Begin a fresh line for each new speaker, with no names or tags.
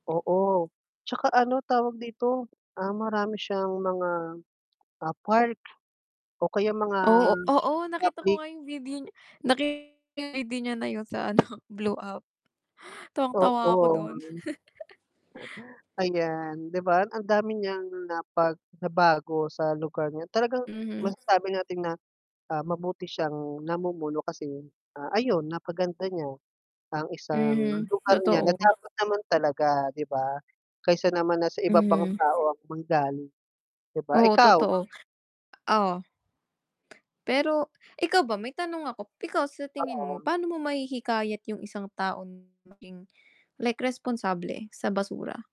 Oo, 'tsaka ano tawag dito, ah, marami siyang mga, ah, park o kaya mga
Oo oo nakita ko
public.
nga yung video nakita ko yung ID niya na yun sa ano blue app. Tawang-tawa ako
Oo, yun.
dun.
Ayan, 'di ba ang dami niyang napag nabago sa lugar niya. Talagang
Mhm.
masasabi natin na, ah, mabuti siyang namumuno kasi, ah, ayun napaganda niya ang isang
Mhm,
lugar niya na
totoo.
dapat naman talaga, 'di ba? Kaysa naman na sa iba pang
Mhm.
tao ang manggaling, 'di ba.
Oo,
Ikaw?
totoo, oh? Pero ikaw ba may tanong ako, ikaw sa tingin mo,
Oo.
paano mo mahihikayat yung isang taong maging like responsable sa basura?